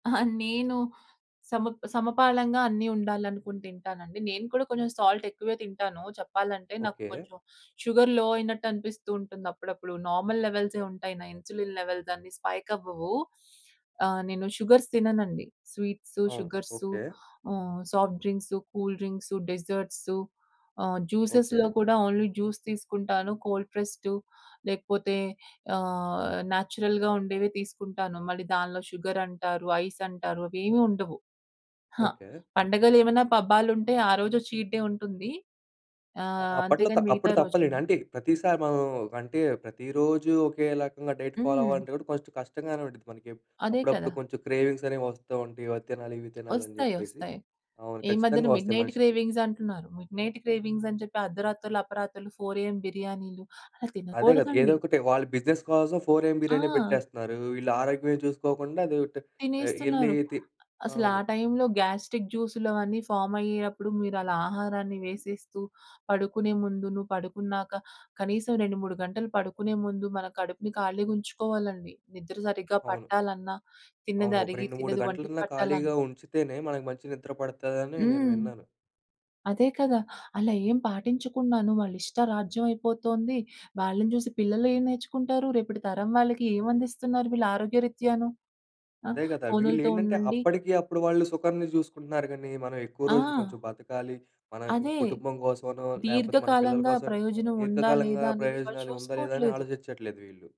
అహా! నేను సమ సమపాలంగా అన్ని ఉండాలనుకుని తింటానండి. నేను కూడా కొంచెం సాల్ట్ ఎక్కువే తింటాను. చెప్పాలంటే, నాకు ఓకే. కొంచెం షుగర్ లో అయినట్టు అనిపిస్తూ ఉంటుంది అప్పుడప్పుడు. నార్మల్ లెవెల్సే ఉంటాయి నా ఇన్సులిన్ లెవెల్స్ అన్ని స్పైక్ అవ్వవు. ఆహ్, నేను షుగర్స్ తిననండి. స్వీట్సు, అవును. Sugars okay. Hmm. Soft drinks, cool drinks, desserts ah, జ్యూసెస్‌లో ఓకే. కూడా ఓన్లీ జ్యూస్ తీసుకుంటాను కోల్డ్ ప్రెస్‌డ్ లేకపోతే ఆహ్, నేచురల్‌గా ఉండేవె తీసుకుంటాను, మళ్ళీ దానిలో షుగరంటారు. ఐస్ అంటారు. అవి ఏమీ ఉండవు. ఆ! ఓకే. పండగలేమైనా, పబ్బాలుంటే ఆరోజు చీట్ డే ఉంటుంది. ఆహ్, అప్పట్లో త అంతేగాని మిగతా అప్పుడు తప్పలే. రోజుల్లో అంటే ప్రతిసారి మనం అంటే ప్రతిరోజూ ఒకే రకంగా డైట్ ఫాలో హ్మ్. అవ్వాలంటే కూడా కొంచెం కష్టంగానే ఉంటది మనకి. అదే అప్పుడప్పుడు కదా! కొంచెం క్రేవింగ్స్ అనేవి వస్తూ ఉంటాయి. అవి తినాలి, ఇవి తినాలి అని వస్తాయి. చెప్పేసి వస్తాయి. అవును. ఈ మధ్యన ఖచ్చితంగా వస్తాయి మిడ్‌నైట్ మనిషికి. క్రేవింగ్స్ అంటున్నారు. మిడ్‌నైట్ క్రేవింగ్స్ అని చెప్పి అర్ధరాత్రులు, అపరాత్రులు 4:00 ఏఎం బిర్యానీలు అలా అదే! కాదు. ఏదో తినకూడదండి! ఒకటి, వాళ్ళు బిజినెస్ కోసం ఎం బిర్యానీ ఆ! పెట్టేస్తున్నారు. వీళ్ళు ఆరోగ్యం చూసుకోకుండా అది ఎళ్ళీ తినేస్తున్నారు. తి అసలు ఆ అవును. టైంలో గ్యాస్ట్రిక్ జ్యూసులు అవన్నీ ఫార్మ్ అయ్యేటప్పుడు మీరలా ఆహారాన్ని వేసేస్తూ, పడుకునే ముందు, నువ్వు పడుకున్నాక కనీసం 2, 3 గంటలు పడుకునే ముందు మన కడుపుని ఖాళీగా ఉంచుకోవాలండి. నిద్ర సరిగ్గా అవును. పట్టాలన్నా, తిన్నది అవును. ఒక అరిగి 2, 3 తిన్నది వంటికి గంటలన్నా ఖాళీగా పట్టాలన్నా. ఉంచితేనే మనకు మంచి నిద్ర పడతదని నేను హ్మ్. విన్నాను. అదే కదా! అలా ఏం పాటించకున్నాను వాళ్ళ ఇష్ట రాజ్యం అయిపోతుంది. వాళ్ళని చూసి పిల్లలు ఏం నేర్చుకుంటారు, రేపటి తరం వాళ్ళకి ఏమందిస్తున్నారు వీళ్ళు ఆరోగ్యరీత్యాను? ఆహ్, అదే కదా! ఫోనుల్‌తో వీళ్ళేంటంటే, ఉండండి అప్పటికి అప్పుడు వాళ్ళు సుఖాన్ని చూసుకుంటున్నారు గాని, మనం ఎక్కువ రోజులు కొంచెం ఆ! బతకాలి. మన అదే! కుటుంబం కోసమనో, లేపోతే మన పిల్లల దీర్ఘకాలంగా కోసమని ప్రయోజనం ఉందా, దీర్ఘకాలంగా లేదా? అనేది వాళ్ళు ప్రయోజనాలు ఉందా? లేదా? అని చూసుకోవట్లేదు. ఆలోచిచట్లేదు వీళ్ళు.